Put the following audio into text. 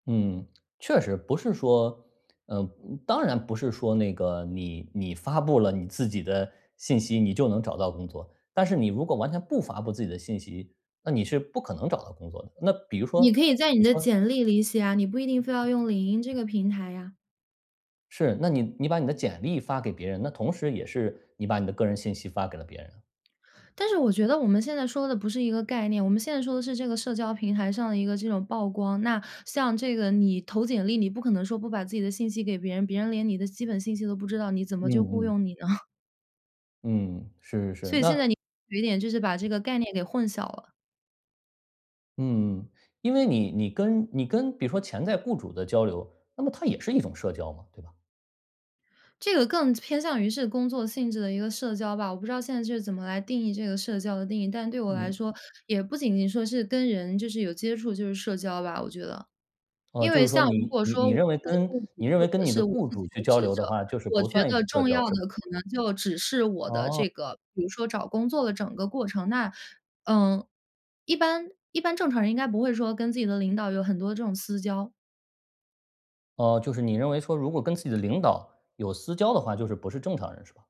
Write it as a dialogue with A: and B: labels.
A: 嗯，确实，不是说，呃，当然不是说那个，你你发布了你自己的信息，你就能找到工作，但是你如果完全不发布自己的信息，那你是不可能找到工作的。那比如说
B: 你可以
A: 你
B: 在你的
A: 说。
B: 简历里写啊，你不一定非要用领英这个平台呀。
A: 是，那你你把你的简历发给别人，那同时也是你把你的个人信息发给了别人。
B: 但是我觉得我们现在说的不是一个概念，我们现在说的是这个社交平台上的一个这种曝光。那像这个你投简历，你不可能说不把自己的信息给别人，别人连你的基本信息都不知道，你怎么就雇
A: 嗯，嗯。
B: 佣你呢？
A: 嗯，是是是，
B: 所以现
A: 那
B: 在你有一点，就是把这个概念给混淆了。
A: 嗯，因为你你跟你跟比如说潜在雇主的交流，那么它也是一种社交嘛，对吧？
B: 这个更偏向于是工作性质的一个社交吧，我不知道现在是怎么来定义这个社交的定义，但对我来
A: 嗯。
B: 说，也不仅仅说是跟人就是有接触就是社交吧，我觉得。
A: 哦，
B: 因
A: 就
B: 为
A: 是说
B: 像如
A: 你
B: 果
A: 你
B: 说
A: 你
B: 我
A: 认为
B: 是
A: 跟
B: 雇主
A: 你认
B: 或
A: 为跟
B: 者
A: 你的
B: 是我
A: 雇
B: 自己是
A: 主去
B: 求
A: 交
B: 职
A: 流的
B: 者，
A: 话，就是
B: 我
A: 不
B: 觉
A: 算
B: 得
A: 社
B: 重要
A: 交，是吧？
B: 的可能就只是我的
A: 哦。
B: 这个比如说找工作的整个过程。那嗯，一般一般正常人应该不会说跟自己的领导有很多这种私交。
A: 呃，就是你认为说，如果跟自己的领导有私交的话，就是不是正常人，是吧？